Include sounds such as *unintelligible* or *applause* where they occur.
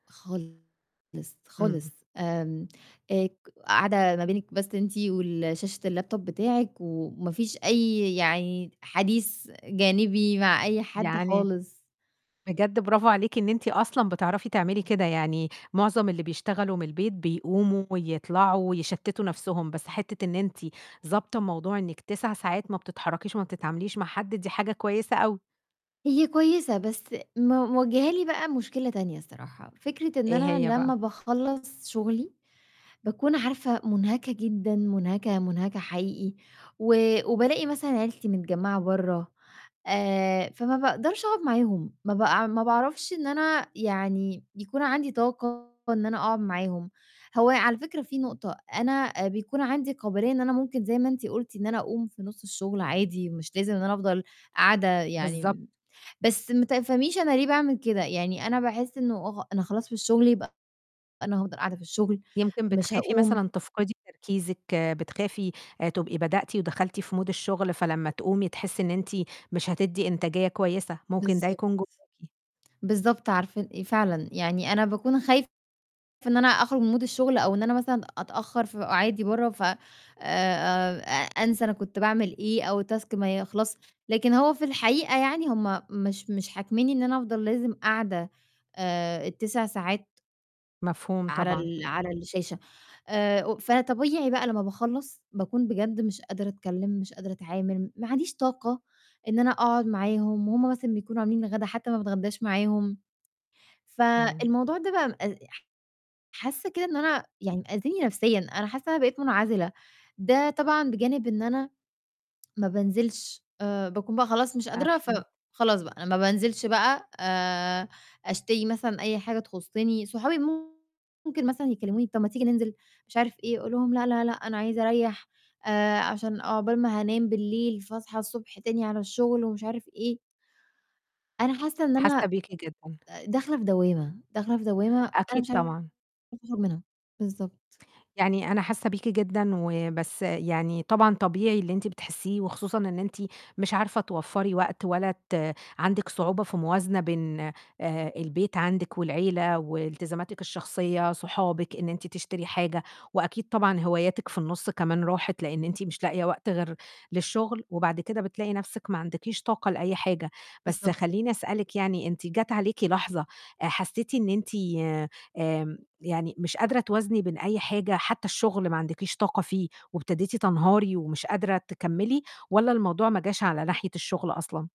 خالص، إمم، خالص إمم. آمم، آآ، ك قاعدة ما بينِك بس أنتِ والشاشة الlaptop بتاعِك وما فيش أي يعني حديث جانبي مع أي حد يعني خالص. بجد برافو عليكِ إن أنتِ أصلًا بتعرفي تعملي كده، يعني معظم اللي بيشتغلوا من البيت بيقوموا ويطلعوا ويشتِّتوا نَفْسهم، بس حتِّة إن أنتِ ضابطة موضوع إنِّك 9 ساعات ما بتتحرّكيش وما بتتعامليش مع حد دي حاجة كويسة أوي. هي كويسة بس م مواجهالي بقى مشكلة تانية الصراحة، فكرة إن إيه أنا هي بقى؟ لمّا باخلّص شغلي باكون عارفة منهكة جدًا منهكة، منهكة حقيقي، و وبالاقي مثلًا عيلتي متجمّعة برّه آآ، فما باقدرش أقعد معاهم، ما باع ما باعرفش إن أنا يعني يكون عندي طاقة إن أنا أقعد معاهم، هو على فكرة في نقطة أنا بيكون عندي قابلية إن أنا ممكن زي ما أنتِ قُلتِ إن أنا أقوم في نُصّ الشغل عادي، مش لازم إن أنا أفضل قاعدة بالضبط. يعني، بس ما تفهميش أنا ليه باعمل كده، يعني أنا باحس إنه *unintelligible* أنا خلاص في الشغل يبقى أنا هافضل قاعدة في الشغل، يمكن مش بتخافي هاقوم. مثلًا تفقدي تركيزِك آآ، بتخافي تبقي بدأتِ ودخلتِ في mood الشغل فلمّا تقومي تحسّي إن أنتِ مش هتدّي إنتاجية كويسة، ممكن ده بالضبط. يكون جواكِ. بالضبط عارفة ال إ فعلًا يعني أنا باكون خايفة إن أنا أخرج من mood الشغل أو إن أنا مثلًا أتأخّر في قعادي برّه، ف آآ آآ أنسى أنا كنت باعمل إيه أو task ما يخلصش، لكن هو في الحقيقة يعني هُم مش مش حاكمينّي إن أنا أفضل لازم قاعدة آآ، ال9 ساعات مفهوم على طبعًا. ال على الشاشة آآ، فطبيعي بقى لمّا باخلّص باكون بجد مش قادرة أتكلّم، مش قادرة أتعامل، ما عنديش طاقة إن أنا أقعد معاهم وهُم مثلًا بيكونوا عاملين الغدا حتى ما باتغدّاش معاهم، إمم. فالموضوع ده بقى مأ ح حاسّة كده إن أنا يعني آذيني نَفْسيًا، أنا حاسّة إن أنا بقيت منعزلة، ده طبعًا بجانب إن أنا ما بانزلش آآ، باكون بقى خلاص مش قادرة، أكيد. فخلاص بقى أنا ما بانزلش بقى آآ، أشتري مثلًا أي حاجة تخُصِّني، صحابي ممكن مثلًا يكلّموني طَب ما تيجي ننزل مش عارف إيه أقول لهم لأ، لأ، لأ أنا عايزة أريّح آآ، عشان عقبال ما هانام بالليل فاصحى الصبح تاني على الشغل، ومش عارف إيه أنا حاسة إن أنا حاسّة بيكِ جدًا. آآ، داخلة في دوّامة، داخلة في دوّامة أنا أكيد مش عارفة طبعًا. أخرج منها، بالضبط. يعني أنا حاسّة بيكِ جدًا، وبس يعني طبعًا طبيعي اللي أنتِ بتحسّيه وخصوصًا إن أنتِ مش عارفة توفّري وقت ولا ت عندِك صعوبة في الموازنة بين آآ، البيت عندِك والعيلة وإلتزاماتِك الشخصية، صحابِك، إن أنتِ تشتري حاجة وأكيد طبعًا هواياتِك في النُصّ كمان راحت، لأن أنتِ مش لاقية وقت غير للشغل وبعد كده بتلاقي نَفْسِك ما عندكيش طاقة لأي حاجة، بس بالضبط. خلّيني أسألِك يعني أنتِ جَت عليكِ لحظة حسّيتِ إن أنتِ آمم، يعني مش قادرة توازني بين أي حاجة؟ حتى الشغل ما عندكيش طاقة فيه وابتديتي تنهاري ومش قادرة تكمّلي، والَّا الموضوع ما جاش على ناحية الشغل أصلًا؟